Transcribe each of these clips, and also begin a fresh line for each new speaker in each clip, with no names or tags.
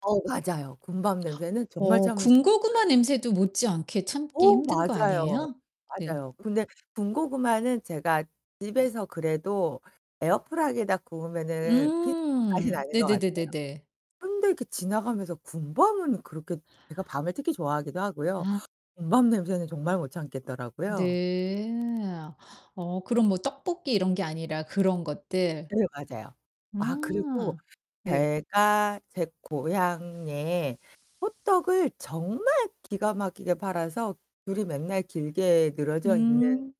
어 맞아요. 군밤 냄새는 정말
어
참을 수가 없어요.
군고구마 냄새도 못지않게 참기
어
힘든 거
맞아요.
아니에요? 네.
맞아요. 근데 군고구마는 제가 집에서 그래도 에어프라이기에다 구우면은 비슷한 맛이
음
나는 것 같아요.
네네네네네.
근데 그 지나가면서 군밤은 그렇게 제가 밤을 특히 좋아하기도 하고요.
아.
군밤 냄새는 정말 못 참겠더라고요.
네. 어 그럼 뭐 떡볶이 이런 게 아니라 그런 것들.
네 맞아요. 아 그리고
아 네.
제가 제 고향에 호떡을 정말 기가 막히게 팔아서 줄이 맨날 길게 늘어져 있는
음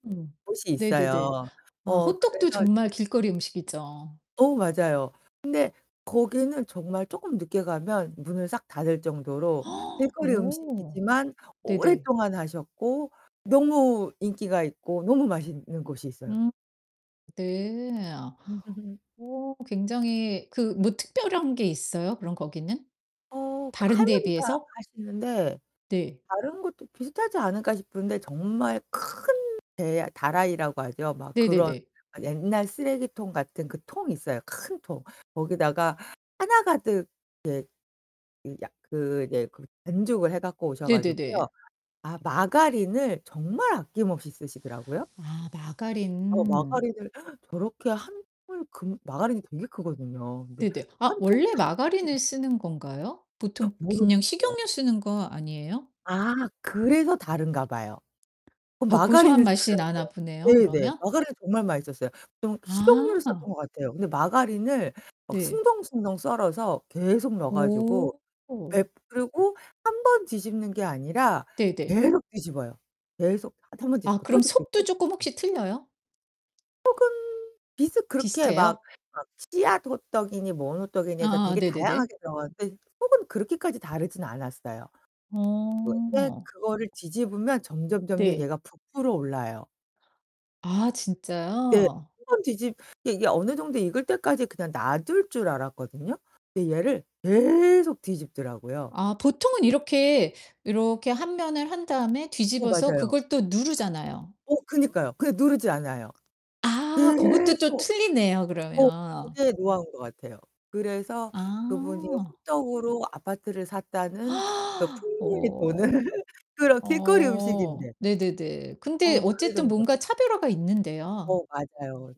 곳이
네네네.
있어요.
아
어
호떡도
그래서
정말 길거리 음식이죠.
어 맞아요. 근데 거기는 정말 쪼끔 늦게 가면 문을 싹 닫을 정도로 길거리
어
음식이지만
네네.
오랫동안 하셨고 너무 인기가 있고 너무 맛있는 곳이 있어요.
음. 네. 어 굉장히 그 뭐 특별한 게 있어요, 그럼 거기는
어
다른 데에
할머니가
비해서?
하시는데
네.
다른 것도 비슷하지 않을까 싶은데 정말 큰 대 다라이라고 하죠. 막 그런
네네네.
옛날 쓰레기통 같은 그 통 있어요, 큰 통. 거기다가 하나 가득 이제 이 약 그 이제 그 반죽을 해 갖고 오셔 가지고요.
네네네.
아 마가린을 정말 아낌없이 쓰시더라고요.
아
어
마가린.
마가린을 저렇게 1 통을 금 마가린이 되게 크거든요. 근데
네네. 아
1 통을
원래
다 쓰세요.
마가린을 쓰는 건가요? 보통
어,
그냥
모르겠어요.
식용유 쓰는 거 아니에요?
아 그래서 다른가 봐요. 그
더 고소한
마가린을
맛이 나나
쓰더라고요.
보네요,
네 네.
그러면?
마가린이 정말 맛있었어요. 좀 식용유를 썼던
아.
것 같아요. 근데 마가린을 막
네.
숭덩숭덩 썰어서 계속 넣어 가지고
오.
백 그러고 1 번 뒤집는 게 아니라
네네.
계속 뒤집어요, 계속. 1 번
아
뒤집고 또
그럼
뒤집고
속도
또
조금
뒤집고.
혹시 틀려요?
속은 비슷 그렇게 막
비슷해요?
막 씨앗 호떡이니 뭔 호떡이니 해서
아
되게
네네네.
다양하게 들어가는데 속은 그렇게까지 다르진 않았어요. 그 예
어.
그거를 뒤집으면 점점점점
네.
얘가 부풀어 올라요.
아
네. 1
진짜요?
번 뒤집 이게 어느 정도 익을 때까지 그냥 놔둘 줄 알았거든요. 근데 얘를 계속 뒤집더라고요.
아 보통은 이렇게, 이렇게 한 면을 한 다음에
어
뒤집어서
맞아요.
그걸 또 누르잖아요.
어 그니까요. 그냥 누르지 않아요.
아 그것도 또
계속
틀리네요,
어
그러면.
그게 노하우인 것 같아요. 그래서 그분이
아.
호떡으로 아파트를 샀다는 그 풍문이
오.
도는 그런 길거리
오.
음식인데.
네네네. 근데
어 그래
어쨌든
정도로.
뭔가 차별화가 있는데요.
어 맞아요.